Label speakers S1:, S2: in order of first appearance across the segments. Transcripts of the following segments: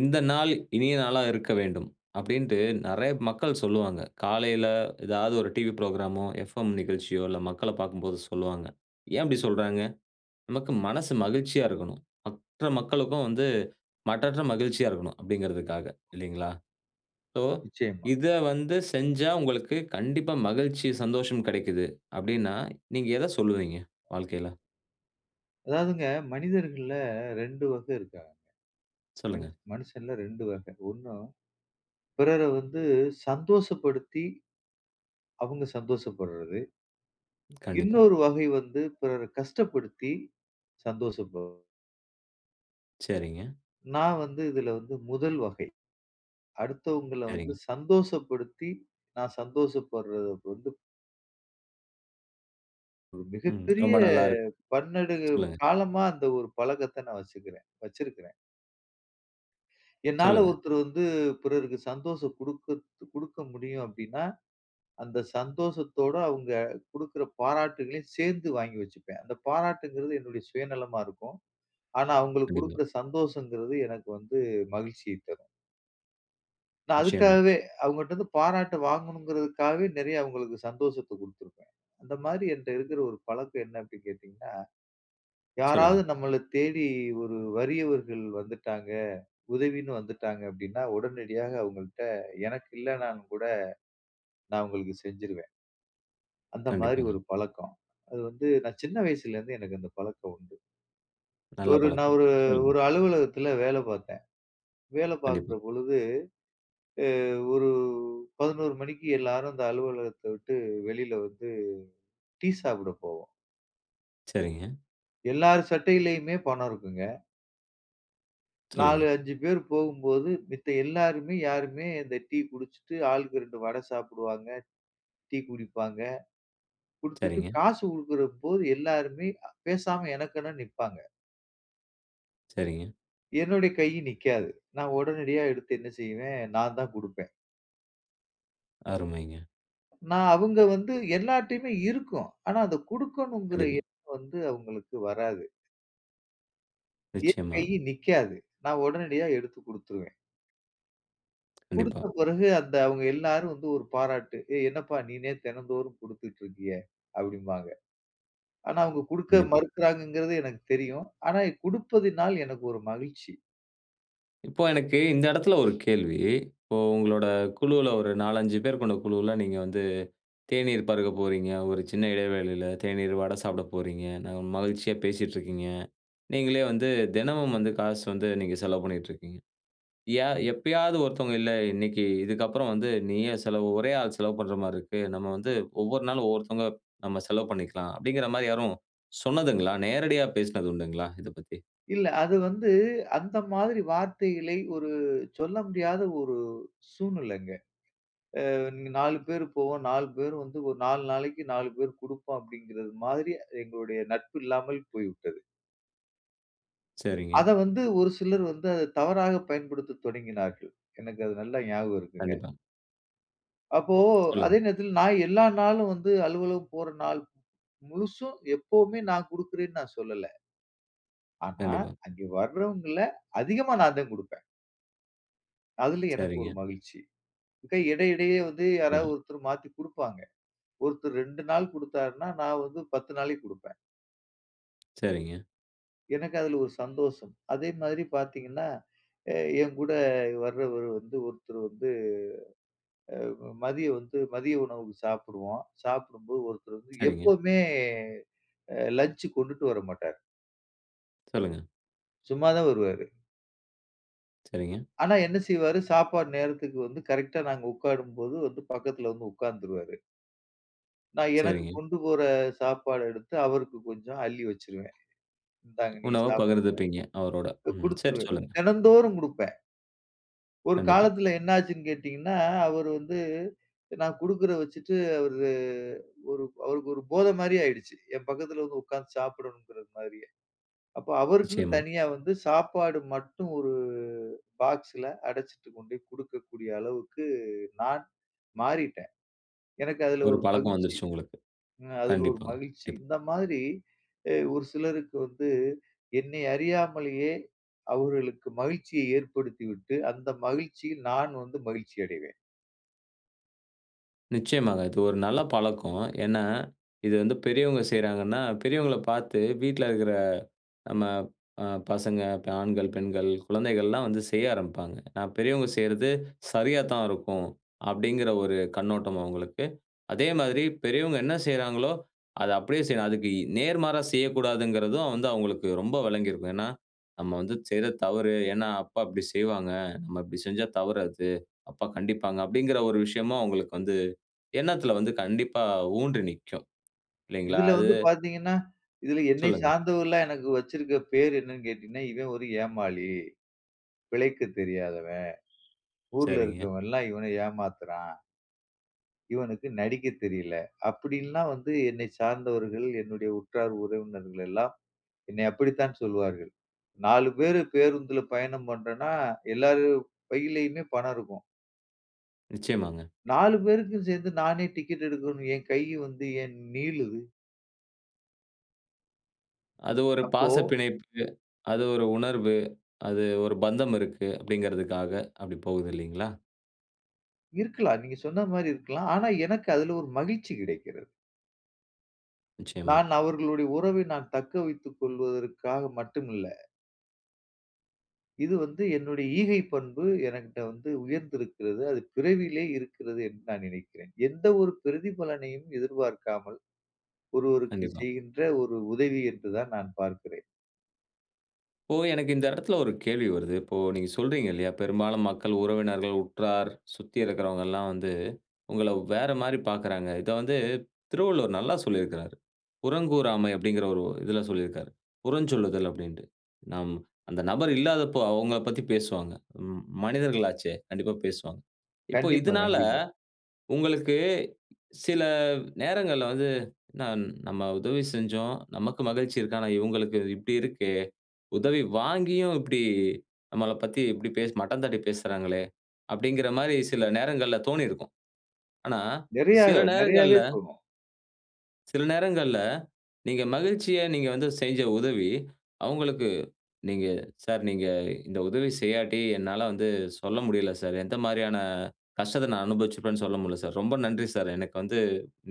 S1: இந்த நாள் இனிய நாளாக இருக்க வேண்டும். அப்பிடின்டு நெறைய மக்கள் சொல்லுவாங்க. காலையில ஏதாவது ஒரு டிவி புரோகிராம்மோ, எஃப்எம் நிகழ்ச்சியோ! இல்ல மக்கள பார்க்கும்போது சொல்லுவாங்க. ஏன் இப்டி சொல்றாங்க. நமக்கு மனது மகிழ்ச்சியா இருக்கணும். மற்ற மக்களுக்கும் வந்து மற்றற்ற மகிழ்ச்சியா இருக்கணும். அப்பிடிங்கிறதுக்காக இல்லேங்களா? சோ,
S2: நிச்சயமா.
S1: இத வந்து செஞ்சா உங்களுக்கு கண்டிப்பா மகிழ்ச்சி, சந்தோஷம் கிடைக்கிது. அப்பிடின்னா, நீங்க எத சொல்வீங்க வாழ்க்கையில.
S2: அதாவதுங்க மனிதர்கள்ல 2 வகை இருக்காங்கங்க. மனு
S1: சொல்லுங்க.
S2: மனுஷன்ல 2 வகை. 1 பிறரை வந்து சந்தோஷப்படுத்தி அவுங்க சந்தோஷப்பட்றது.
S1: கண்டிப்பா.
S2: இன்னொரு வகை வந்து பிறரை கஷ்டப்படுத்தி சந்தோஷப
S1: சரிங்க.
S2: நான் வந்து இதில வந்து 1 வகை. அடுத்தவங்கள வந்து
S1: சரிங்க.
S2: சந்தோஷப்படுத்தி நான் சந்தோஷப்படுறது வந்து. ஒரு
S1: ம்.
S2: மிகப்பெரிய
S1: ரொம்ப நல்லா இருக்கு.
S2: பன்னெடு
S1: சொல்லுங்க.
S2: காலமா அந்த ஒரு பழக்கத்த நான் வச்சிக்கிறேன் வச்சிருக்கிறேன். என்னால,
S1: சொல்லுங்க.
S2: ஒருத்தரு வந்து, பிறருக்கு சந்தோசம் குடுக்கது குடுக்க முடியும். அப்பிடீன்னா, அந்த சந்தோஷத்தோட அவுங்க குடுக்கிற பாராட்டுகளையும் சேர்ந்து வாங்கி வச்சுப்பேன். அந்த பாராட்டுங்கிறது என்னுடைய சுயநலமா இருக்கும். ஆனா, அவுங்களுக்கு
S1: கண்டிப்பா.
S2: குடுக்கிற சந்தோஷம்ங்கறது எனக்கு வந்து மகிழ்ச்சியைத் தரும். நான்
S1: நிச்சயமா.
S2: அதுக்காகவே, அவுங்கட்டருந்து பாராட்டு வாங்கணும்ங்கறதுக்காகவே, நெறைய அவங்களுக்கு சந்தோஷத்தை குடுத்திருப்பேன். அந்த மாதிரி என்ட்ட இருக்கிற ஒரு பழக்கம் என்ன அப்பிடி கேட்டீங்கன்னா,
S1: சொல்லுங்க.
S2: யாராவது நம்மள தேடி, ஒரு வறியவர்கள் வந்துட்டாங்க. உதவின்னு வந்துட்டாங்க, அப்பிடின்னா உடனடியாக அவுங்கள்ட்ட எனக்கு இல்லனாலும் கூட, நான் அவுங்களுக்கு செஞ்சுருவேன். அந்த மாதிரி ஒரு
S1: கண்டிப்பாங்க.
S2: பழக்கம். அது வந்து நான் சின்ன வயசுல இருந்தே எனக்கு அந்த பழக்கம் உண்டு.
S1: நல்ல
S2: ஒரு நான்
S1: பழக்கம்.
S2: ஒரு
S1: சொல்லுங்க.
S2: ஒரு அலுவலகத்தில வேல பார்த்தேன். வேல பார்க்குற
S1: கண்டிப்பா.
S2: பொழுது, அ ஒரு 11 மணிக்கு எல்லாரும் அந்த அலுவலகத்த விட்டு வெளில வந்து டீ சாப்பிட போவோம்.
S1: சரிங்க.
S2: எல்லாரு சட்டையிலுமே பணம் இருக்குங்க.
S1: சொல்லுங்க.
S2: 4, 5 பேரு போகும்போது, மித்த எல்லாருமே யாருமே இந்த டீ குடிச்சுட்டு, ஆளுக்கு 2 வடை சாப்பிடுவாங்க, டீ குடிப்பாங்க, குடுத்துட்டு
S1: சரிங்க.
S2: காசு குடுக்குறப்போ எல்லாருமே பேசாம, எனக்கென்னனு நிப்பாங்க.
S1: சரிங்க.
S2: என்னுடைய கை நிக்காது. நான் உடனடியா எடுத்து என்ன செய்வேன், நான் தான் குடுப்பேன்.
S1: அருமைங்க.
S2: நான் அவங்க வந்து எல்லார்ட்டயுமே இருக்கும். ஆனா, அத குடுக்கணும்ங்கற
S1: கண்டிப்பா.
S2: எண்ணம் வந்து அவங்களுக்கு வராது. என் கை
S1: நிச்சயமா.
S2: நிக்காது. நான் உடனடியா எடுத்துக் குடுத்துடுவேன். குடுத்த
S1: கண்டிப்பா.
S2: பிறகு அந்த அவங்க எல்லாரும் வந்து ஒரு பாராட்டு. ஏய் என்னப்பா நீனே தினந்தோறும் குடுத்துட்டு இருக்கியே! அப்படிம்பாங்க. ஆனா, அவங்க குடுக்க
S1: கண்டிப்பா.
S2: மறுக்கிறாங்கங்கறது எனக்கு தெரியும். ஆனா, இ குடுப்பதினால் எனக்கு ஒரு மகிழ்ச்சி!
S1: இப்போ, எனக்கு இந்த இடத்துல ஒரு கேள்வி. இப்போ உங்களோட குழுவுல ஒரு 4,5 பேர் கொண்ட குழுவுல, நீங்க வந்து தேநீர் பருக போறீங்க. ஒரு சின்ன இடைவேளயில தேநீர், வடை சாப்பிட போறீங்க, ந மகிழ்ச்சியா பேசீட்டு இருக்கீங்க. நீங்களே வந்து தினமும் வந்து காசு வந்து நீங்க செலவு பண்ணிட்டு இருக்கீங்க. யா எப்பயாவது ஒருத்தவங்க, இல்ல இன்னைக்கு இதுக்கப்புறம் வந்து நீயே செலவு, ஒரே ஆள் செலவு பண்ற மாரி இருக்கு. நம்ம வந்து ஒவ்வொரு நாள் ஒவ்வொருத்தவங்க நம்ம செலவு பண்ணிக்கலாம். அப்படிங்கிற மாரி யாரும் சொன்னதுங்களா, நேரடியா பேசினது உண்டுங்களா இதை பத்தி?
S2: இல்ல. அது வந்து அந்த மாதிரி வார்த்தைகளை, ஒரு சொல்ல முடியாத ஒரு சூழ்நிலைங்க. அ நீங்க 4 பேரு போவோம் 4 பேரு வந்து ஒரு 4 நாளைக்கு 4 பேர் குடுப்போம். அப்படிங்கிறது மாதிரி எங்களுடைய நட்பு இல்லாமல் போய்விட்டது.
S1: சரிங்க.
S2: அதை வந்து ஒரு சிலர் வந்து, அதை தவறாக பயன்படுத்த தொடங்கினார்கள். எனக்கு அது நல்லா ஞாபகம் இருக்குங்க.
S1: கண்டிப்பா.
S2: அப்போ அதே
S1: சொல்லுங்க.
S2: நேரத்தில நான் எல்லா நாளும் வந்து, அலுவலகம் போற நாள் முழுசும் எப்பவுமே நான் குடுக்கிறேன்னு, நான் சொல்லல. ஆனா,
S1: கண்டிப்பா.
S2: அங்கு வரவங்கள்ல அதிகமா நான் தான் குடுப்பேன். அதுல எனக்கு ஒரு
S1: சரிங்க.
S2: மகிழ்ச்சி. மிக இடையிடையே வந்து
S1: ஆமா.
S2: யாராவது ஒருத்தர் மாத்தி குடுப்பாங்க. ஒருத்தர் 2 நாள் குடுத்தாருன்னா, நான் வந்து 10 நாளைக்கு குடுப்பேன்.
S1: சரிங்க.
S2: எனக்கு அதுல ஒரு சந்தோஷம். அதே மாதிரி பார்த்தீங்கன்னா, அ என் கூட வரவரு வந்து ஒருத்தர் வந்து அ மதியம் வந்து மதிய உணவு சாப்பிடுவோம். சாப்பிடும்போது ஒருத்தர் வந்து
S1: சரிங்க.
S2: எப்பவுமே அ லஞ்ச் கொண்டுட்டு வரமாட்டார்.
S1: சொல்லுங்க.
S2: சும்மா தான் வருவாரு.
S1: சரிங்க.
S2: ஆனா, என்ன செய்வாரு, சாப்பாடு நேரத்துக்கு வந்து கரெக்ட்டா நாங்க உட்காரும்போது வந்து, பக்கத்தில வந்து உட்கார்ந்துருவாரு. நான் எனக்கு
S1: சரிங்க.
S2: கொண்டு போற சாப்பாடு எடுத்து அவருக்கு கொஞ்சம் அள்ளி வச்சுருவேன். "இந்தாங்க நீ
S1: உணவ
S2: சாப்பிடுங்க."
S1: பகிர்ந்துப்பீங்க, அவரோட.
S2: அ
S1: ம். சரி,
S2: குடுத்துருவேன்.
S1: சொல்லுங்க.
S2: தினந்தோறும் குடுப்பேன். ஒரு
S1: கண்டிப்பா.
S2: காலத்தில என்னாச்சுன்னு கேட்டீங்கன்னா, அவர் வந்து நான் குடுக்குறத வச்சுட்டு, அவரு ஒரு அவருக்கு ஒரு போதை மாரி ஆயிடுச்சு. என் பக்கத்தில வந்து உட்காந்து சாப்பிடணுங்கிற மாதிரியே. அப்போ அவருக்குன்னு
S1: நிச்சயமா.
S2: தனியா வந்து சாப்பாடு மட்டும் ஒரு பாக்ஸ்ல அடைச்சுட்டு கொண்டே குடுக்கக்கூடிய அளவுக்கு, நான் மாறிட்டேன். எனக்கு அதுல
S1: ஒரு
S2: ஒரு
S1: பழக்கம்
S2: மகிழ்ச்சி
S1: வந்துருச்சு, உங்களுக்கு.
S2: அ அதுல ஒரு
S1: கண்டிப்பாங்க.
S2: மகிழ்ச்சி.
S1: [unintelligible]
S2: இந்த மாதிரி அ ஒரு சிலருக்கு வந்து, என்னை அறியாமலேயே அவர்களுக்கு மகிழ்ச்சியை ஏற்படுத்திவிட்டு, அந்த மகிழ்ச்சியில் நான் வந்து மகிழ்ச்சி அடைவேன்.
S1: நிச்சயமாக. அது ஒரு நல்ல பழக்கம். ஏன்னா, இது வந்து பெரியவங்க செய்றாங்கன்னா, பெரியவங்கள பாத்து வீட்ல இருக்குற நம்ம அ பசங்க, ப ஆண்கள், பெண்கள், குழந்தைகள்லாம் வந்து செய்ய ஆரம்பிப்பாங்க. நா பெரியவங்க செய்யுறது சரியாதான் இருக்கும். அப்டிங்கிற ஒரு கண்ணோட்டம் அவுங்களுக்கு. அதே மாதிரி பெரியவங்க என்ன செய்றாங்களோ, அத அப்டியே செய்யணும், அதுக்கு இ நேர்மாறா செய்ய கூடாதுங்கிறதும் வந்து அவங்களுக்கு ரொம்ப வெளங்கியிருக்கும். ஏன்னா "நம்ம வந்து செய்றது தவறு, ஏன்னா அப்பா இப்டி செய்வாங்க, நம்ம இப்டி செஞ்சா தவறு அது, அப்பா கண்டிப்பாங்க" அப்டிங்கிற ஒரு விஷயமும் அவுங்களுக்கு வந்து எண்ணத்துல வந்து கண்டிப்பா ஊன்றி நிக்கும். இல்லைங்களா?
S2: இதுல
S1: அது
S2: வந்து பாத்தீங்கன்னா, இதுல என்னை
S1: சொல்லுங்க.
S2: சார்ந்தவுகள்லாம் எனக்கு வச்சிருக்க பேரு என்னன்னு கேட்டீங்கன்னா, "இவன் ஒரு ஏமாளி. பிழைக்க தெரியாதவென். ஊர்ல
S1: சரிங்க.
S2: இருக்கவன்ல்லாம் இவன ஏமாத்துறான்" "இவனுக்கு நடிக்க தெரியல" அப்டின்னுலாம் வந்து என்னை சார்ந்தவர்கள், என்னுடைய உற்றார் உறவினர்கள் எல்லாம், என்னை அப்படித்தான் சொல்லுவார்கள். 4 பேரு பேருந்துல பயணம் பண்றோம்னா, எல்லாரு பையிலயுமே பணம் இருக்கும்
S1: நிச்சயமாங்க.
S2: 4 பேருக்கும் சேந்து நானே டிக்கெட் எடுக்கணுன்னு என் கையி வந்து ஏன் நீளுது?
S1: அது ஒரு
S2: அப்போ
S1: பாசப் பிணைப்பு, அது ஒரு உணர்வு, அது ஒரு பந்தம் இருக்கு. அப்படிங்கறதுக்காக அப்படிப் போகுது இல்லைங்களா?
S2: இருக்கலாம். நீங்க சொன்ன மாரி இருக்கலாம். ஆனா எனக்கு அதுல ஒரு மகிழ்ச்சி கிடைக்கிறது.
S1: நிச்சயமா.
S2: நான் அவர்களுடைய உறவை நான் தக்க வைத்துக் கொள்வதற்காக மட்டுமில்ல. இது வந்து என்னுடைய ஈகை பண்பு. எனக்கிட்ட வந்து உயர்ந்திருக்கிறது. அது பிறவியிலயே இருக்கிறது என்று நான் நினைக்கிறேன். எந்த ஒரு பிரதிபலனையும் எதிர்பார்க்காமல், ஒருவருக்குச்
S1: கண்டிப்பா.
S2: செய்கின்ற ஒரு உதவி என்றுதான் நான் பார்க்கிறேன்.
S1: இப்போ எனக்கு இந்த இடத்துல ஒரு கேள்வி வருது. இப்போ நீங்க சொல்றீங்க இல்லயா? பெரும்பாலும் மக்கள் உறவினர்கள், உற்றார், சுத்தி இருக்குறவங்க எல்லாம் வந்து உங்கள வேற மாரி பாக்குறாங்க. இத வந்து திருவள்ளுவர் நல்லா சொல்லிருக்காரு. புறங்கூறாமை அப்படீங்கிற ஒரு இதுல சொல்லிருக்காரு. புறஞ்சொல்லுதல் அப்டீன்டு. நம் அந்த நபர் இல்லாதப்போ அவங்கள பத்தி பேசுவாங்க. ம் மனிதர்கள் ஆச்சே. கண்டிப்பா பேசுவாங்க. இப்ப
S2: கண்டிப்பா,
S1: இதுனால
S2: கண்டிப்பா.
S1: உங்களுக்கு, சில நேரங்கள்ல வந்து, "நாம் நம்ப உதவி செஞ்சோம். நமக்கு மகிழ்ச்சி இருக்கு, ஆனா இவங்களுக்கு இப்டி இருக்கே. உதவி வாங்கியும் இப்டி நம்பள பத்தி இப்டி பேசு மட்டம் தட்டிப் பேசுறாங்களே, அப்படீங்கிற மாரி சில நேரங்கள்ல தோணிருக்கும்." ஆனா
S2: நெறையாக,
S1: சில நேரங்கள்ல
S2: நெறையாவே தோணும்.
S1: சில நேரங்கள்ல, நீங்க மகிழ்ச்சிய நீங்க வந்து செஞ்ச உதவி. அவங்களுக்கு நீங்க "சார், நீங்க இந்த உதவி செய்யாட்டி என்னால வந்து சொல்ல முடியல சார் எந்த மாதிரியான கஷ்டத்த நான் அனுபவிச்சிருப்பேன்னு சொல்ல முடியல சார் ரொம்ப நன்றி சார். எனக்கு வந்து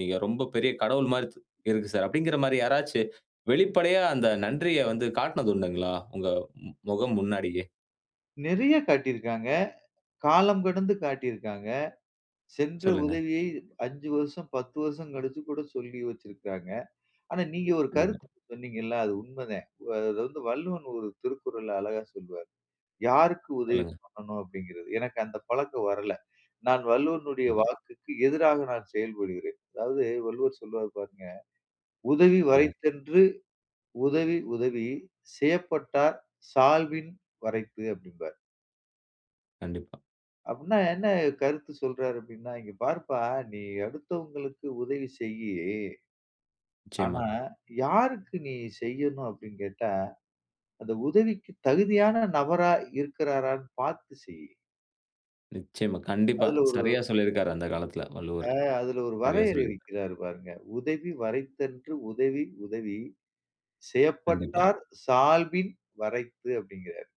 S1: நீங்க ரொம்ப பெரிய கடவுள் மாரி த் இருக்கு சார்" அப்டிங்கிற மாரி யாராச்சு வெளிப்படையா அந்த நன்றிய வந்து காட்டினது உண்டுங்களா? உங்க முகம் முன்னாடியே?
S2: நெறைய காட்டியிருக்காங்க. காலம் கடந்து காட்டியிருக்காங்க. சென்ற
S1: சொல்லுங்க.
S2: உதவியை 5 வருஷம், 10 வருஷம் கழிச்சு கூட சொல்லி வச்சிருக்காங்க. ஆனா, நீங்க ஒரு கருத்து
S1: கண்டிப்பா.
S2: இப் சொன்னீங்கல்ல, அது உண்ம தான். அது வந்து வள்ளுவன் ஒரு திருக்குறள்ல அழகா சொல்லுவாரு "யாருக்கு உதவி
S1: சொல்லுங்க.
S2: பண்ணணும் அப்டிங்கிறது" எனக்கு அந்த பழக்கம் வரல. நான் வள்ளுவனுடைய
S1: கண்டிப்பா.
S2: வாக்குக்கு எதிராக நான் செயல்படுகிறேன். அதாவது, வள்ளுவர் சொல்லுவாரு பாருங்க. "உதவி
S1: சொல்லுங்க.
S2: வரைத்தன்று உதவி உதவி செயப்பட்டார் சால்வின் வரைப்பு" அப்டிம்பாரு.
S1: கண்டிப்பா.
S2: அப்டினா என்ன கருத்து சொல்றாரு அப்டின்னா "இங்க பாருப்பா, நீ அடுத்தவங்களுக்கு உதவி செய்யு ஆனா,
S1: நிச்சயமா.
S2: யாருக்கு நீ செய்யணும் அப்டின்னு கேட்டா அந்த உதவிக்கு தகுதியான நபரா இருக்கிறாரான்னு பார்த்து செய்."
S1: நிச்சயமா. கண்டிப்பா.
S2: அதுல ஒரு
S1: சரியா சொல்லியிருக்கிறாரு. அந்த காலத்தில வள்ளுவரு.
S2: ஆ. அதில ஒரு
S1: சரியா
S2: வரையறை
S1: சொல்லி
S2: வைக்கிறாரு பாருங்க. "உதவி வரைத்தன்று உதவி உதவி
S1: கண்டிப்பா.
S2: செயப்பட்டார் சால்பின் வரைத்து" அப்படிங்கறாரு.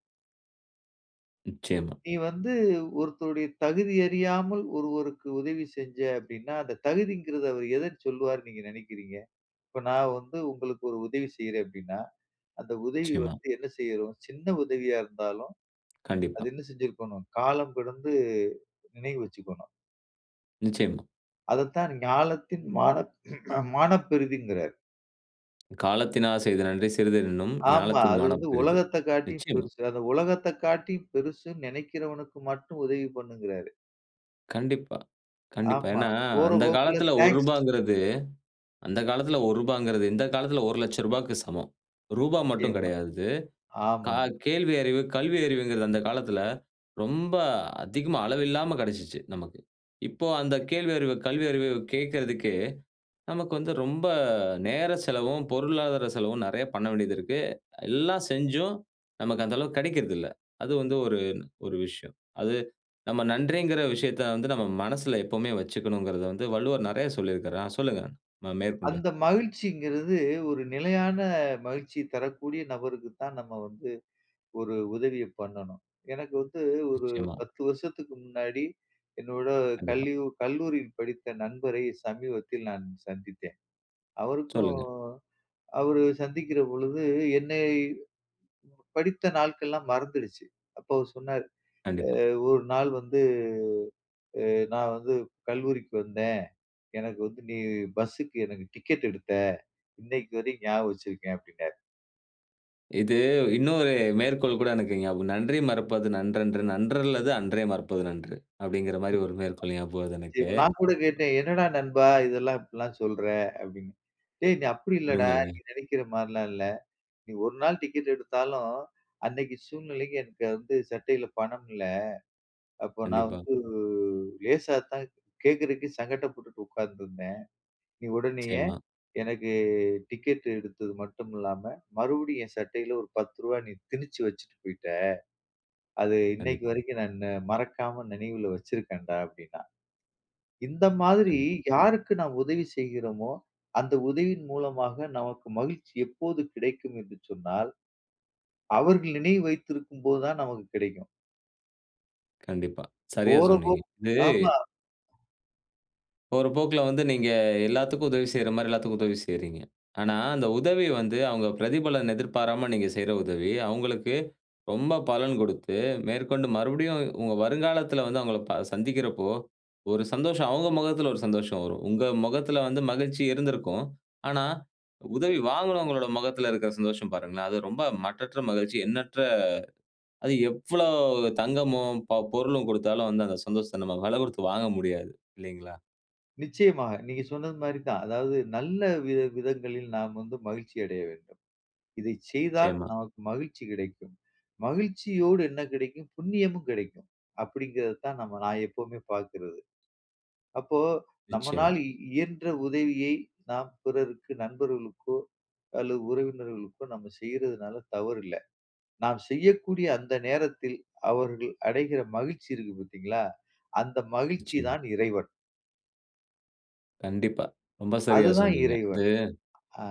S1: நிச்சயமா.
S2: நீ வந்து ஒருத்தருடைய தகுதி அறியாமல் ஒருவருக்கு உதவி செஞ்ச அப்படின்னா, அந்த தகுதிங்கறது அவரு எதை சொல்லுவாருன்னு நீங்க நினைக்கிறீங்க? இப்போ நான் வந்து உங்களுக்கு ஒரு உதவி செய்றேன் அப்படின்னா, அந்த உதவி
S1: நிச்சயமா.
S2: வந்து என்ன செய்யிறோம், சின்ன உதவியா இருந்தாலும், அது
S1: கண்டிப்பா.
S2: என்ன செஞ்சிருக்கணும்? காலம் கடந்து நினைவு வச்சுக்கணும்.
S1: நிச்சயமா.
S2: அதத்தான், ஞாலத்தின் மானப் மானப்பெரிதிங்கறாரு.
S1: "காலத்தினால் செய்த நன்றி சிறிது எனினும்
S2: ஆமா.
S1: ஞாலத்தின்
S2: அது வந்து
S1: மானப் பெரிது."
S2: உலகத்த காட்டி
S1: நிச்சயமா.
S2: பெருசு, அந்த உலகத்த காட்டி பெருசுன்னு நினைக்கிறவனுக்கு மட்டும் உதவி பண்ணுங்கிறாரு.
S1: கண்டிப்பா, கண்டிப்பா.
S2: ஆமா.
S1: ஏன்னா,
S2: போற
S1: அந்த
S2: போக்குல
S1: காலத்தில ஒரு
S2: தேங்க்ஸ்.
S1: ரூபாங்கறது அந்த காலத்தில ரூ. 1ங்கறது இந்த காலத்தில ரூ. 1,00,000க்கு சமம். ரூபாய் மட்டும்
S2: நிச்சயமா.
S1: கிடையாது இது. க
S2: ஆமாங்க.
S1: கேள்வி அறிவு, கல்வி அறிவுங்கிறது அந்த காலத்தில, ரொம்ப அதிகமா அளவில்லாம கிடைச்சுச்சு, நமக்கு. இப்போ அந்த கேள்வி அறிவு கல்வி அறிவு கேட்கறதே நமக்கு வந்து ரொம்ப நேர செலவும், பொருளாதார செலவும் நெறைய பண்ண வேண்டியது இருக்கு. எல்லா செஞ்சும், நமக்கு அந்த அளவுக்கு கிடைக்கறதில்ல. அது வந்து ஒரு ஒரு விஷயம். அது நம்ம நன்றிங்கற விஷயத்தை வந்து நம்ம மனசுல எப்பவுமே வச்சுக்கணுங்கறது வந்து வள்ளுவர் நெறைய சொல்லியிருக்காரா. ஆ சொல்லுங்க அ மேற்கொண்டு.
S2: அந்த மகிழ்ச்சிங்கிறது, ஒரு நிலையான மகிழ்ச்சி தரக்கூடிய நபருக்கு தான், நம்ம வந்து ஒரு உதவிய பண்ணணும். எனக்கு வந்து ஒரு
S1: நிச்சயமா.
S2: 10 வருஷத்துக்கு முன்னாடி என்னோட
S1: கண்டிப்பா.
S2: கல்யு கல்லூரியில் படித்த நண்பரை சமீபத்தில் நான் சந்தித்தேன். அவருக்கும்
S1: சொல்லுங்க.
S2: அவரு சந்திக்கிற பொழுது என்னை படித்த நாட்கள்லாம் மறந்துருச்சு. அப்போ அவரு சொன்னாரு
S1: கண்டிப்பா.
S2: அ ஒரு நாள் வந்து, அ நான் வந்து கல்லூரிக்கு வந்தேன். எனக்கு வந்து நீ பஸ்ஸுக்கு எனக்கு டிக்கெட் எடுத்த. இன்னைக்கு வரைக்கும் ஞாபகம் வச்சிருக்கேன் அப்படின்னாரு.
S1: இது இன்னொரு மேற்கோள் கூட எனக்கு ஞாபகம். "நன்றி மறப்பது நன்றன்று, நன்றல்லது அன்றே மறப்பது நன்று" அப்டிங்குற மாதிரி ஒரு மேற்கோள் ஞாபகம் வருது எனக்கு.
S2: நான் கூட கேட்டேன். "என்னடா நண்பா இதெல்லாம் இப்புட்லாம் சொல்ற" அப்படின்னு. டேய் நீ அப்டி இல்லடா, நீ
S1: அருமைங்க.
S2: நெனைக்கிற மாரிலாம் இல்ல, நீ ஒரு நாள் டிக்கெட் எடுத்தாலும், அன்னைக்கு சூழ்நிலைக்கு என்ட்ட வந்து சட்டைல பணம் இல்ல, அப்போ நான்
S1: கண்டிப்பா.
S2: வந்து லேசா தான் கேட்கறதுக்கு சங்கட்டப்பட்டுட்டு உக்காந்துருந்தேன். நீ உடனேயே
S1: நிச்சயமா,
S2: எனக்கு டிக்கெட் எடுத்தது மட்டும் இல்லாம, மறுபடியும் என் சட்டையில ஒரு 10 ரூவா நீ திணிச்சு வச்சுட்டு போய்ட்ட, அது இன்னைக்கு
S1: கண்டிப்பா.
S2: வரைக்கும் நான் மறக்காம நினைவுல வச்சுருக்கன்டா" அப்படின்னான். இந்த மாதிரி
S1: கண்டிப்பா.
S2: யாருக்கு நாம் உதவி செய்கிறோமோ, அந்த உதவியின் மூலமாக நமக்கு மகிழ்ச்சி எப்போது கிடைக்கும் என்று சொன்னால், அவர்கள் நினைவு வைத்திருக்கும் போது தான் நமக்கு கிடைக்கும்.
S1: கண்டிப்பா. சரியா
S2: போற
S1: சொன்னீங்க.
S2: போக்
S1: இது
S2: ஆமா.
S1: போற போக்குல வந்து, நீங்க எல்லாத்துக்கும் உதவி செய்ற மாரி எல்லாத்துக்கும் உதவி செய்கிறீங்க. ஆனா, அந்த உதவி வந்து அவுங்க பிரதிபலன் எதிர்பாராம, நீங்க செய்யிற உதவி அவுங்களுக்கு ரொம்ப பலன் குடுத்து மேற்கொண்டு மறுபடியும் உங்க வருங்காலத்துல வந்து அவுங்கள ப சந்திக்கிறப்போ, ஒரு சந்தோஷம் அவுங்க முகத்துல ஒரு சந்தோஷம் வரும். உங்க மொகத்ல வந்து மகிழ்ச்சி இருந்திருக்கும். ஆனா உதவி வாங்குனவங்களோட மொகத்துல இருக்குற சந்தோஷம் பாருங்களேன். அது ரொம்ப மட்டற்ற மகிழ்ச்சி, எண்ணற்ற அது எவ்வளோ தங்கமும், ப பொருளும் குடுத்தாலும் வந்து அந்த சந்தோஷத்த நம்ம விலை குடுத்து வாங்க முடியாது! இல்லைங்களா?
S2: நிச்சயமாக. நீங்க சொன்னது மாரி தான். அதாவது நல்ல வித விதங்களில் நாம் வந்து மகிழ்ச்சி அடைய வேண்டும். இதை செய்தால்
S1: நிச்சயமா.
S2: நமக்கு மகிழ்ச்சி கிடைக்கும். மகிழ்ச்சியோடு என்ன கிடைக்கும்? புண்ணியமும் கிடைக்கும். அப்படிங்கிறதைத்தான் நம்ம நான் எப்பவுமே பார்க்கிறது. அப்போ,
S1: நிச்சயமா.
S2: நம்மனால் இ இயன்ற உதவியை, நாம் பிறருக்கு, நண்பர்களுக்கோ அல்லது உறவினர்களுக்கோ நம்ம செய்றதனால தவறு இல்லை. நாம் செய்யக்கூடிய அந்த நேரத்தில், அவர்கள் அடைகிற மகிழ்ச்சி இருக்கு பார்த்தீங்களா, அந்த மகிழ்ச்சி
S1: நிச்சயமா.
S2: தான் இறைவன்.
S1: கண்டிப்பா. ரொம்ப சரியா
S2: அதுதான்
S1: சொன்னீங்க. அது
S2: இறைவன். அ.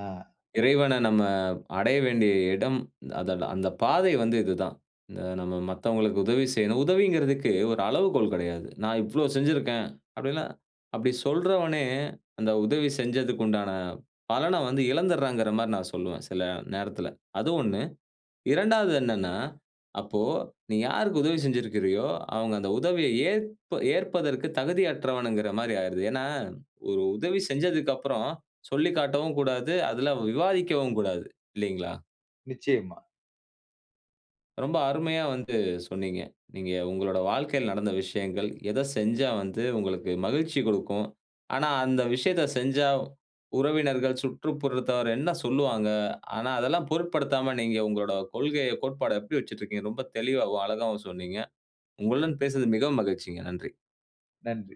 S1: இறைவன நம்ம அடைய வேண்டிய இடம். அத அந்த பாதை வந்து இது தான். இத நம்ம மத்தவங்களுக்கு உதவி செய்யணும். உதவிங்கிறதுக்கு ஒரு அளவுகோல் கிடையாது. நான் இவ்வளோ செஞ்சுருக்கேன். அப்டில்லாம் அப்டி சொல்றவனே, அந்த உதவி செஞ்சதுக்கு உண்டான பலனை வந்து இழந்துருறாங்கிற மாரி நான் சொல்லுவேன், சில நேரத்தில. அது 1. 2வது என்னன்னா, அப்போ, நீ யாருக்கு உதவி செஞ்சுருக்கிறியோ, அவுங்க அந்த உதவியை ஏற்ப ஏற்பதற்கு தகுதியற்றவனுகிற மாரி ஆயிருது. ஏன்னா, ஒரு உதவி செஞ்சதுக்கு அப்பறம் சொல்லிக்காட்டவும் கூடாது. அதுல விவாதிக்கவும் கூடாது, இல்லைங்களா?
S2: நிச்சயமா.
S1: ரொம்ப அருமையா வந்து சொன்னீங்க. நீங்க உங்களோட வாழ்க்கைல நடந்த விஷயங்கள். எதை செஞ்சா வந்து உங்களுக்கு மகிழ்ச்சி குடுக்கும்? ஆனா, அந்த விஷயத்தை செஞ்சா, உறவினர்கள், சுற்றுப்புறத்தவர் என்ன சொல்லுவாங்க? ஆனா, அதெல்லாம் பொருட்படுத்தாம, நீங்க உங்களோட கொள்கைய, கோட்பாட எப்படி வச்சுட்டிருக்கீங்க? ரொம்ப தெளிவாவும், அழகாவும் சொன்னீங்க. உங்களுடன் பேசினது மிகவும் மகிழ்ச்சிங்க. நன்றி.
S2: நன்றி.